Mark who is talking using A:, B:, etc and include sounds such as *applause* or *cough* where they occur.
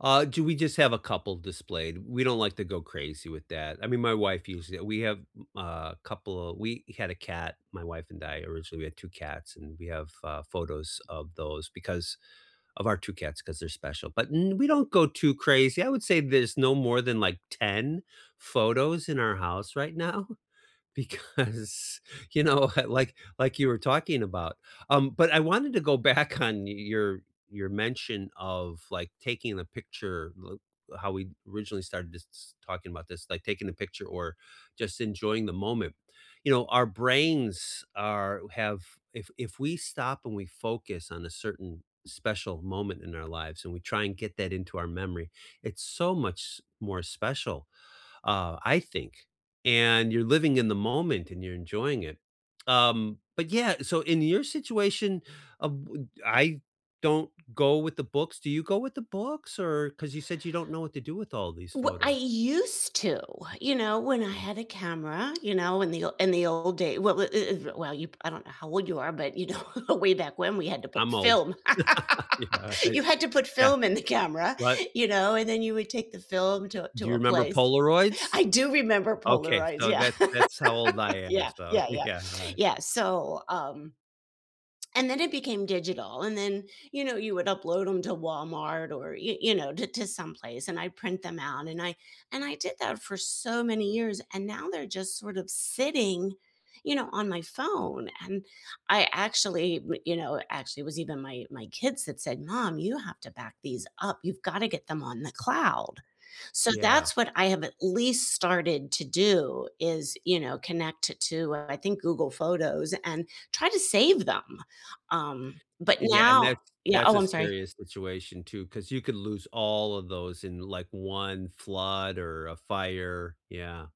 A: Uh, do we just have a couple displayed. We don't like to go crazy with that. I mean, my wife used it. We have, b uh, couple a we had a cat- my wife and I, originally- we had 2 cats, and we have, uh, photos of those because of our 2 cats 'cause they're special, but n we don't go too crazy, I would say there's no more than, like, 10 photos in our house right now because, you know, uh, like like you were talking about. Um, but I wanted to go back on y your your mention of, like, taking the picture, th how we originally started s talking about this, like, taking the picture or just enjoying the moment. You know, our brains are have if if we stop and we focus on a certain special moment in our lives, and we try and get that into our memory, it's so much s more special, uh, I think, and you're living in the moment, and you're enjoying it. Um, but yeah so, in your situation, uh bu I don't go with the books. Do you go with the books or 'cause you said you don't know what to do with all these
B: W I
A: photos.
B: used to, you know, when I had a camera, you know, in the o in the old day well, i i th well you I don't know how old you are, but, you know, way back when we had to put
A: I'm old.
B: film,
A: *laughs* Yeah.
B: *laughs*
A: It
B: you had to put
A: yeah.
B: film in the camera,
A: What?
B: you know, and then you would take the film to a
A: Do
B: to
A: you
B: a
A: remember
B: place.
A: Polaroids?
B: I do remember
A: Okay,
B: Polaroids,
A: so
B: yeah.
A: that's that's how old
B: *laughs*
A: I am,
B: Yeah,
A: so,
B: yeah, yeah,
A: yeah, alright.
B: yeah. So, um and then it became digital and then, you know, you would upload 'em to Walmart or, y you know, t to someplace, and I print them out and I and I did that for so many years, and now they're just sort of sitting, you know, on my phone, and I actually, w you know, actually, it was even my my kids that said, "Mom, you have to back these up. You've gotta get them on the cloud." So,
A: Yeah.
B: that's what I have at least started to do is, you know, connect it to, uh, I think, Google Photos and try to save them. Um, but
A: Yeah,
B: now
A: and that's
B: Yeah
A: that's
B: Oh,
A: a
B: I'm sorry.
A: serious situation too, 'cause you could lose all of those in, like, 1 flood or a fire, yeah.